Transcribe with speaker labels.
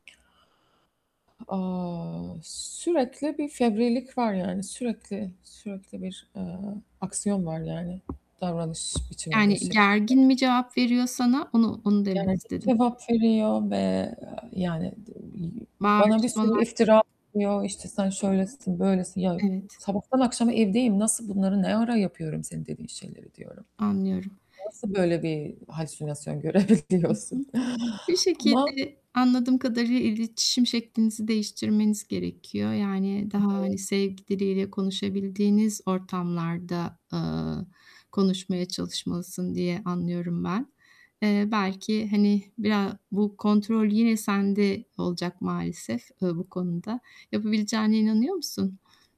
Speaker 1: O, sürekli bir fevrilik var, yani, sürekli, sürekli bir, eee, aksiyon var, yani, davranış biçiminde
Speaker 2: Yani,
Speaker 1: şeklinde.
Speaker 2: gergin mi cevap veriyor sana? Onu onu demek
Speaker 1: Gergin
Speaker 2: istedim.
Speaker 1: cevap veriyor ve, eee, yani, dı bi bana bir sürü
Speaker 2: Bağırışmalar.
Speaker 1: iftira atıyor, işte, sen şöylesin, böylesin. "Ya,
Speaker 2: Evet.
Speaker 1: sabahtan akşama evdeyim, nasıl bunları ne ara yapıyorum senin dediğin şeyleri?" diyorum.
Speaker 2: Anlıyorum.
Speaker 1: Nasıl böyle bir halüsinasyon
Speaker 2: Hı
Speaker 1: görebiliyorsun?
Speaker 2: hı. Bir
Speaker 1: Ama
Speaker 2: şekilde, anladığım kadarıyla iletişim şeklinizi değiştirmeniz gerekiyor, yani, daha,
Speaker 1: Evet.
Speaker 2: hani, sevgi diliyle konuşabildiğiniz ortamlarda, eee, konuşmaya çalışmalısın diye anlıyorum ben. Eee, belki, hani, bira bu kontrol yine sende olacak maalesef, ııı, bu konuda. Yapabileceğine inanıyor musun?